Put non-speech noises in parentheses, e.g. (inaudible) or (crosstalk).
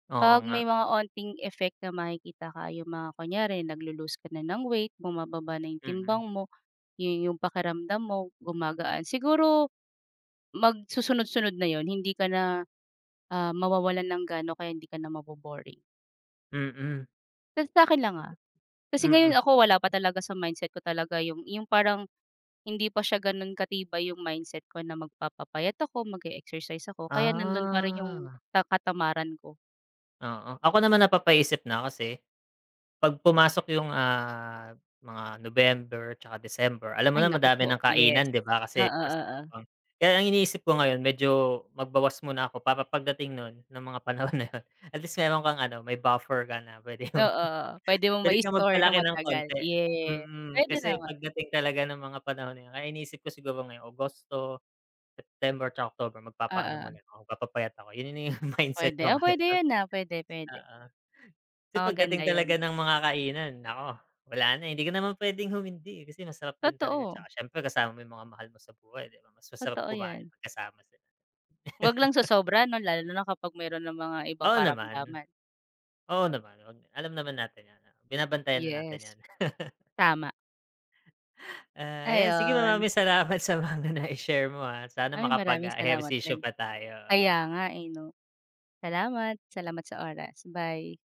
Oo 'Pag may nga. mga onting effect na makikita kaya yung mga kunyari naglo-loose ka na ng weight, bumababa na yung Mm. timbang mo, yun yung pakiramdam mo gumagaan, siguro, mag susunod-sunod na yun, hindi ka na, ah mawawalan ng gana kaya hindi ka na maboboring. Mm. Sa sa'kin lang, ah, kasi ngayon Mm. ako wala pa talaga sa mindset ko talaga yung yung parang hindi pa siya ganun katibay yung mindset ko na magpapapayat ako, mag-exercise ako, kaya nandun pa rin yung Ah. ka katamaran ko. Oo, ako naman napapaisip na kasi, pag pumasok yung, ah, mga November 'tsaka December, alam mo Ay na naku madami po, ng yes. kainan di ba kasi Oo, Pasko oo. na, kaya ang iniisip ko ngayon medyo magbawas muna ako para pagdating nun ng mga panahon na yun at least meron kang ano may buffer ka na puwede Oo, mong oo puwede (chuckles) mong puwede kang maistore na magpalaki ng matagal, konti ye, mm, puwede kasi naman. pagdating talaga ng mga panahon na yun kaya iniisip ko siguro ngayon Agosto, September, 'tsaka October, magpapaano Oo. muna ko, magpapayat ako yun na yung mindset Puwede ko ah, ngayon puwede 'no. yun, ah, puwede puwede. Oo. Kasi Oh, pagdating maganda talaga yun. ng mga kainan, nako wala na hindi ko naman puwedeng humindi, eh, kasi masarap din talaga 'tsaka Totoo. siyempre kasama mo yung mga mahal mo sa buhay 'di ba mas masarap Totoo kumain 'yan. pag kasama sila. 'Wag lang (laughs) sosobra 'no, lalo na kapag meron ng mga ibang Oo naman. karamdaman. Oo naman, alam naman natin yan, binabantayan na natin Yes. 'yan. (laughs) Tama. Ah, 'yan sige Ayun. maraming salamat sa mga nai-share mo, ah, sana Ay makapag, maraming ah, salamat ehersisyo rin. pa tayo, oo. Kaya nga, eh, 'no. Salamat, salamat sa oras, bye.